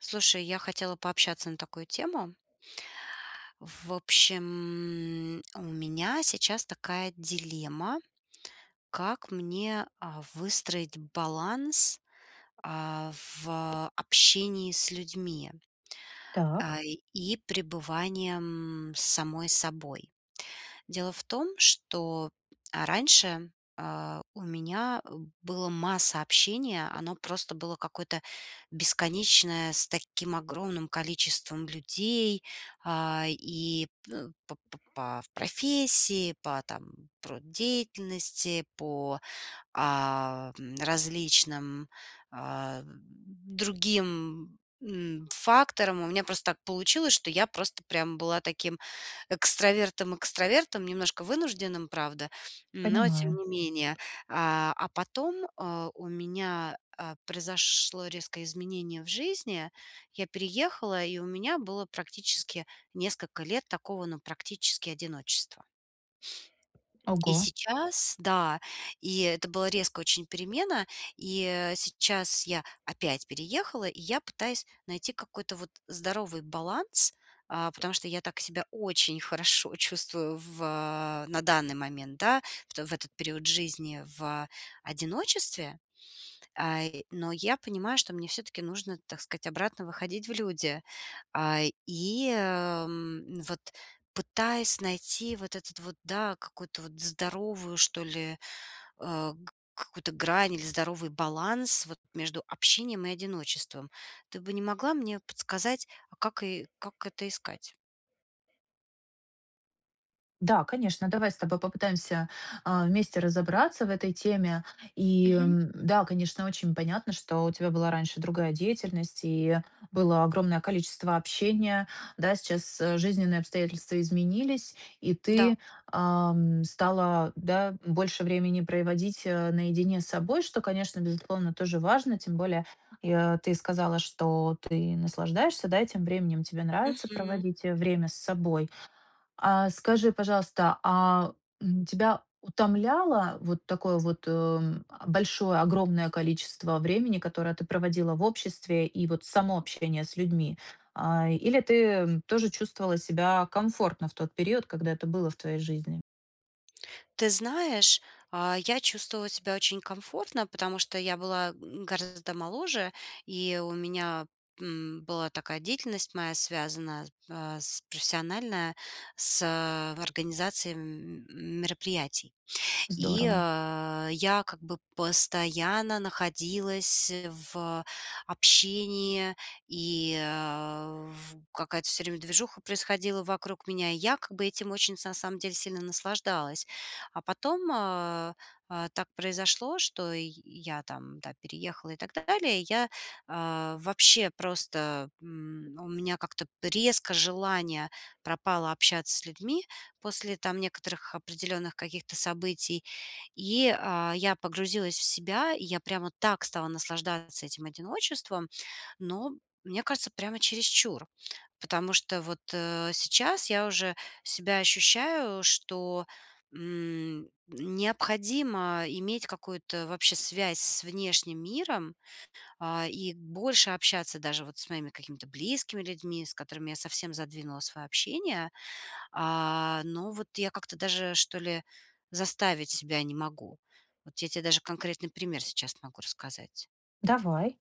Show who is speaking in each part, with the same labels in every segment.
Speaker 1: Слушай, я хотела пообщаться на такую тему. В общем, у меня сейчас такая дилемма, как мне, а, выстроить баланс, а, в а общении с людьми.
Speaker 2: Так.
Speaker 1: А, и и пребыванием с самой собой. Дело в том, что, а, раньше, а, у меня, э, было масса общения. Оно просто было какое-то бесконечное, с таким огромным количеством людей, а, и пэ п п по в профессии, по, там, труд деятельности, по, а, в м, различным, ам, другим, м, факторам. У меня просто так получилось, что я просто прям была таким экстравертом экстравертом, немножко вынужденным, правда, но тем
Speaker 2: Понимаю.
Speaker 1: не менее. А, а потом, э, у меня, а, произошло резкое изменение в жизни. Я переехала, и у меня было практически несколько лет такого, ну, практически одиночества. И
Speaker 2: Ого.
Speaker 1: сейчас да, и это была резкая очень перемена. И, э, сейчас я опять переехала, и я пытаюсь найти какой-то вот здоровый баланс. А, потому что я так себя очень хорошо чувствую в, а, на данный момент, да. В то, в этот период жизни в, а одиночестве, а, и, но я понимаю, что мне всё-таки нужно, так сказать, обратно выходить в люди. А, и, ам, вот пытаясь найти вот этот вот, да, какую-то вот здоровую, что ли, а, к какую-то грань или здоровый баланс вот между общением и одиночеством. Ты бы не могла мне подсказать, а как и как это искать?
Speaker 2: Да, конечно, давай с тобой попытаемся, а, вместе разобраться в этой теме. И,
Speaker 1: Мгм.
Speaker 2: ам, да, конечно, очень понятно, что у тебя была раньше другая деятельность и было огромное количество общения. Да, сейчас, э, жизненные обстоятельства изменились, и
Speaker 1: Да.
Speaker 2: ты, ам, стала, да, м, больше времени проводить, а, наедине с собой, что, конечно, безусловно, тоже важно. Тем более, и я ты сказала, что ты наслаждаешься, да, и тем временем тебе нравится
Speaker 1: Мгм.
Speaker 2: проводить, э, время с собой. А, скажи, пожалуйста, а тебя утомляло вот такое вот, м, а, большое, огромное количество времени, которое ты проводила в обществе, и вот само общение с людьми? А, или ты, м, тоже чувствовала себя комфортно в тот период, когда это было в твоей жизни?
Speaker 1: Ты знаешь, а я чувствовала себя очень комфортно, потому что я была, м, гораздо моложе, и у меня, м, была такая деятельность моя, связанная с па с профессиональная, с организацией, м, мероприятий. И,
Speaker 2: Здорово.
Speaker 1: а, я как бы постоянно находилась в, общении, и, э, в какая-то всё время движуха происходила вокруг меня, и я как бы этим очень са сам деле сильно наслаждалась. А потом, а, а, так произошло, что ий я там, да, переехала и так далее. Я, а, вообще просто, м, у меня как-то резко желание пропало общаться с людьми после там некоторых определенных каких-то событий, и, а, я погрузилась в себя, и я прямо так стала наслаждаться этим одиночеством. Но, мне кажется, прямо чересчур, потому что вот, э, сейчас я уже себя ощущаю, что, м, необходимо иметь какую-то вообще связь с внешним миром, а. И больше общаться даже вот с моими какими-то близкими людьми, с которыми я совсем задвинула свое общение. А, но вот я как-то даже, что ли, заставить себя не могу. Вот я те даже конкретный пример сейчас могу рассказать.
Speaker 2: Давай.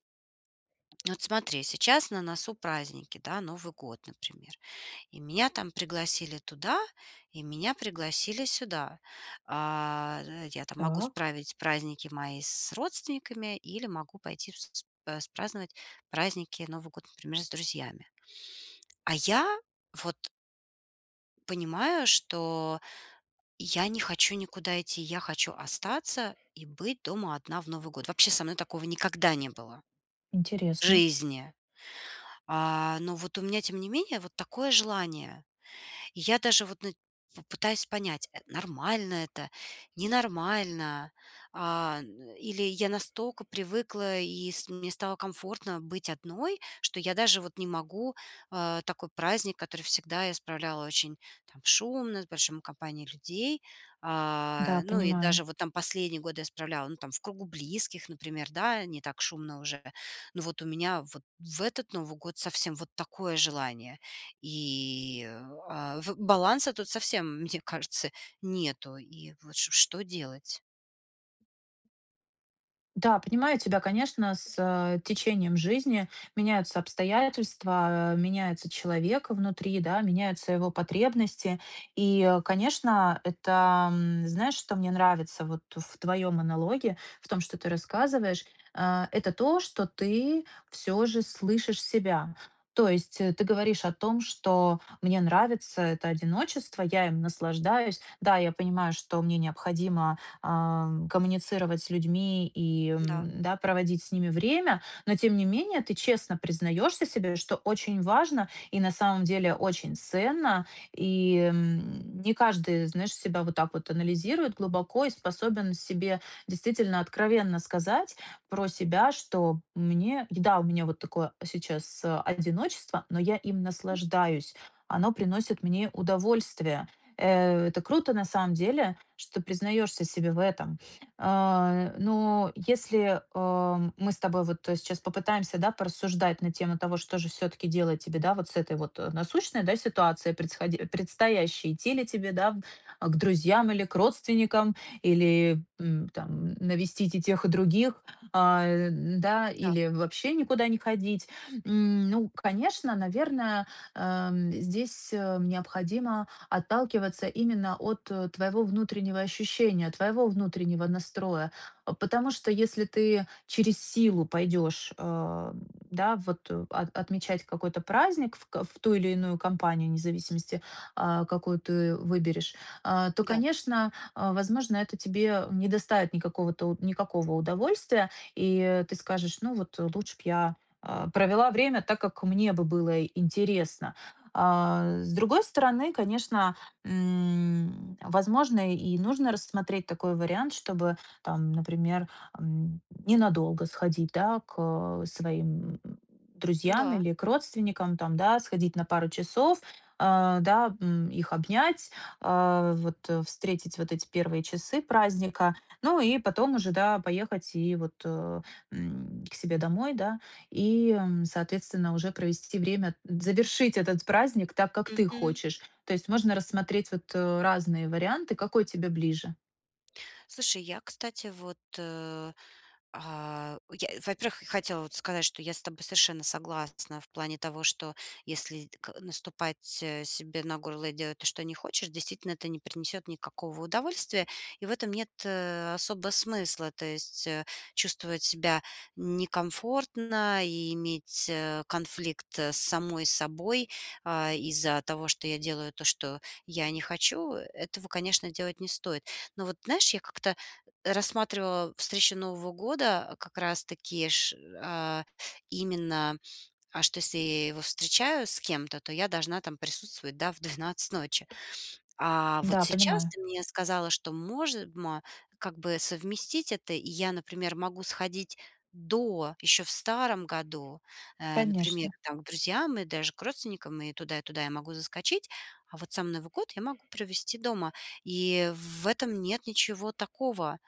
Speaker 1: Вот смотри, сейчас на носу праздники, да, Новый год, например. И меня там пригласили туда, и меня пригласили сюда. А, я там могу
Speaker 2: Так.
Speaker 1: справить праздники мои с родственниками или могу пойти в сц э, с праздновать праздники, Новый год, например, с друзьями. А я вот понимаю, что я не хочу никуда идти, я хочу остаться и быть дома одна в Новый год. Вообще со мной такого никогда не было в
Speaker 2: Интересно.
Speaker 1: жизни. А, но вот у меня, тем не менее, вот такое желание. И я даже вот, ну, в пытаюсь понять, э, нормально это, ненормально. А, ну, или я настолько привыкла, и с мне стало комфортно быть одной, что я даже вот не могу, а, такой праздник, который всегда я справляла очень там шумно, с большим компанией людей. А,
Speaker 2: Да,
Speaker 1: ну, и
Speaker 2: понимаю.
Speaker 1: даже вот там последние годы я исправляла, ну, там, в кругу близких, например, да, не так шумно уже. Ну, вот у меня вот в этот Новый год совсем вот такое желание, и, а, в баланса тут совсем, мне кажется, нету, и вот ш что делать?
Speaker 2: Да, понимаю тебя, конечно, с, э, течением жизни меняются обстоятельства, меняется человек внутри, да. Меняются его потребности. И, конечно, это, м, знаешь, что мне нравится вот в твоём монологе, в том, что ты рассказываешь- э, это то, что ты всё же слышишь себя. То есть ты говоришь о том, что мне нравится это одиночество, я им наслаждаюсь. Да, я понимаю, что мне необходимо, э, коммуницировать с людьми и,
Speaker 1: Да.
Speaker 2: м, да, проводить с ними время. Но тем не менее, ты честно признаешься себе, что очень важно и на самом деле очень ценно И, м, не каждый, знаешь, себя вот так вот анализирует глубоко и способен себе действительно откровенно сказать про себя, что, мне да, вот у меня вот такое сейчас одиночество, но я им
Speaker 1: М.
Speaker 2: наслаждаюсь! Оно приносит мне удовольствие! Э, это круто на самом деле, что признаешься себе в этом. Э, но если, о, мы с тобой вот сейчас попытаемся, да, порассуждать на тему того, что же всё-таки делать тебе, да, вот с этой вот, о, насущной, да, ситуацией, предсхо предстоящей, идти ли тебе, да, к друзьям или к родственникам? Или, м, там, навестить и тех, и других? А, да,
Speaker 1: Да.
Speaker 2: или вообще никуда не ходить. М, ну конечно, наверно, э, м, здесь, о, необходимо отталкиваться именно от, о, твоего внутреннего ощущения, твоего внутреннего настроя. Потому что если ты через силу пойдешь, э, м, да, вот, о, от отмечать какой-то праздник в ко в ту илиную компанию, не зависимости, о, какую ты выберешь. Э, то,
Speaker 1: Да.
Speaker 2: конечно, о, возможно, это тебе не доставит никакого-то никакого удовольствия. И ты скажешь: "Ну вот лучше б я, а, провела время так, как мне бы было интересно". Э, с другой стороны, конечно, м, возможно, и нужно рассмотреть такой вариант, чтобы, там, например, эм, ненадолго сходить, да, ко своим, м, друзьям
Speaker 1: Да.
Speaker 2: или к родственникам. Там, да, сходить на пару часов, э, да. Их обнять, э, вот, о, встретить вот эти первые часы праздника. Ну и потом уже, да, поехать и вот, о, м, к себе домой, да. И, м, соответственно, уже провести время- завершить этот праздник так, как ты
Speaker 1: Мгм.
Speaker 2: хочешь. То есть можно рассмотреть вот, э, разные варианты. Какой тебе ближе?
Speaker 1: Слушай, я, кстати, вот, э, а, я, во-первых, х хотела вот сказать, что я с тобой совершенно согласна в плане того, что если ка наступать, э, себе на горло и делать то, что не хочешь, действительно, это не принесёт никакого удовольствия, и в этом нет, э, особого смысла. То есть, э, чувствовать себя н некомфортно и иметь, э, конфликт с самой собой, э, из-за того, что я делаю то, что я не хочу, э, этого, конечно, делать не стоит. Но вот, знаешь, я как-то рассматривала встречу Нового года как раз-таки ш э, именно аж, то если я его встречаю с кем-то, то я должна там присутствовать, да, в 12 ночи. А вот
Speaker 2: Да,
Speaker 1: сейчас
Speaker 2: понимаю.
Speaker 1: ты мне сказала, что може мо как бы совместить это. И я, например, могу сходить до ещё в старом году, э, например,
Speaker 2: Конечно.
Speaker 1: там, к друзьям и даже к родственникам, и туда, и туда я могу заскочить. А вот сам Новый год я могу провести дома. И в в этом нет ничего такого.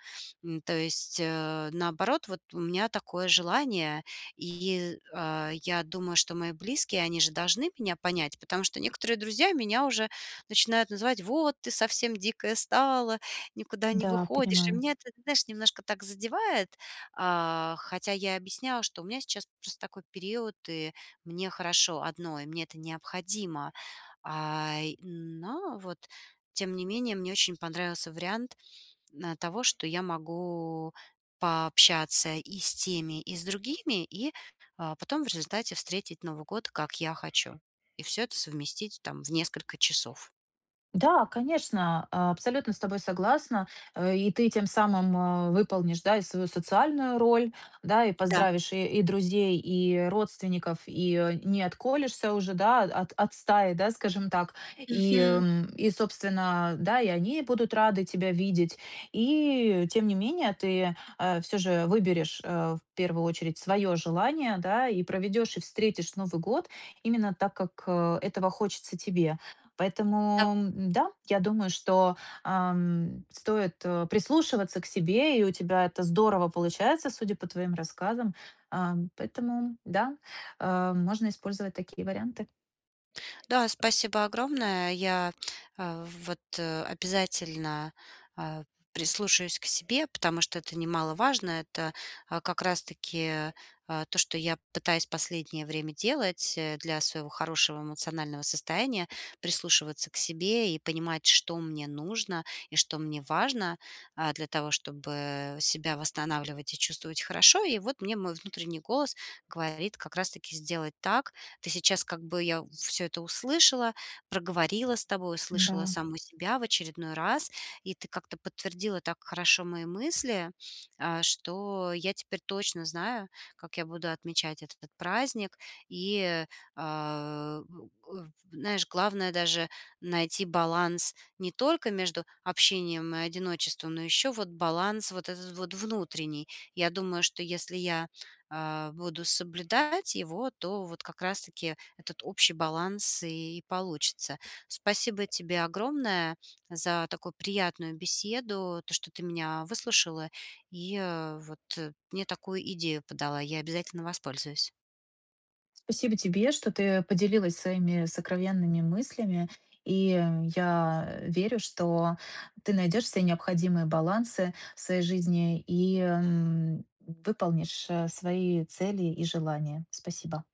Speaker 1: М, то есть, э, наоборот, вот у меня такое желание. И, э, я думаю, что мои близкие, они же должны меня понять. Потому что некоторые друзья меня уже начинают называть: "Вот ты совсем дикая стала, никуда не
Speaker 2: Да,
Speaker 1: выходишь!" И
Speaker 2: понимаю.
Speaker 1: меня это, знаешь, немножко так задевает. А, хотя я объясняла, что у меня сейчас просто такой период, и мне хорошо одной, мне это необходимо. Э, но вот тем не менее мне очень понравился вариант, э, того, что я могу пообщаться и с теми, и с другими. И, э, потом в результате встретить Новый год, как я хочу. И всё это совместить там в несколько часов.
Speaker 2: Да, конечно, абсолютно с тобой согласна. И ты тем самым, э, выполнишь, да, и свою социальную роль, да. И
Speaker 1: Да.
Speaker 2: поздравишь и друзей, и родственников, и не отколешься уже, да, от от стаи, да, скажем так. И,
Speaker 1: Мгм.
Speaker 2: эм, и собственно, да, и они будут рады тебя видеть. И тем не менее, ты, э, всё же выберешь, э, в первую очередь своё желание, да. И проведёшь и встретишь Новый год именно так, как, э, этого хочется тебе.
Speaker 1: Да.
Speaker 2: Поэтому, да, я думаю, ам, что стоит прислушиваться к себе, и у тебя это здорово получается, судя по твоим рассказам. Э, поэтому, да, э, можно использовать такие варианты.
Speaker 1: Да, спасибо огромное. Я, э, в вот, о обязательно, э, прислушаюсь к себе, потому что это немаловажно. Это, э, как раз-таки, э, то, что я пытаюсь последнее время делать, э, для своего хорошего эмоционального состояния: прислушиваться к себе и понимать, что мне нужно и что мне важно. Э, для того, чтобы себя восстанавливать и чувствовать хорошо. И вот мне мой внутренний голос говорит как раз-таки сделать так. Ты сейчас как бы я всё это услышала. Проговорила с тобой, услышала
Speaker 2: Да.
Speaker 1: саму себя в очередной раз. И ты как-то подтвердила так хорошо мои мысли, э, что я теперь точно знаю, как я буду отмечать этот праздник. И, э, у у знаешь, главное даже найти баланс не только между общением и одиночеством, но ещё вот баланс вот этот вот внутренний. Я думаю, что если я, э, буду соблюдать его, то вот как раз-таки этот общий баланс и получится. Спасибо тебе огромное за такую приятную беседу, то, что ты меня выслушала, и, э, вот мне такую идею подала. Я обязательно воспользуюсь.
Speaker 2: Спасибо тебе, что ты поделилась своими сокровенными мыслями. И я, э, верю, что ты найдёшь все необходимые балансы в своей жизни и, м, выполнишь, э, свои цели и желания. Спасибо.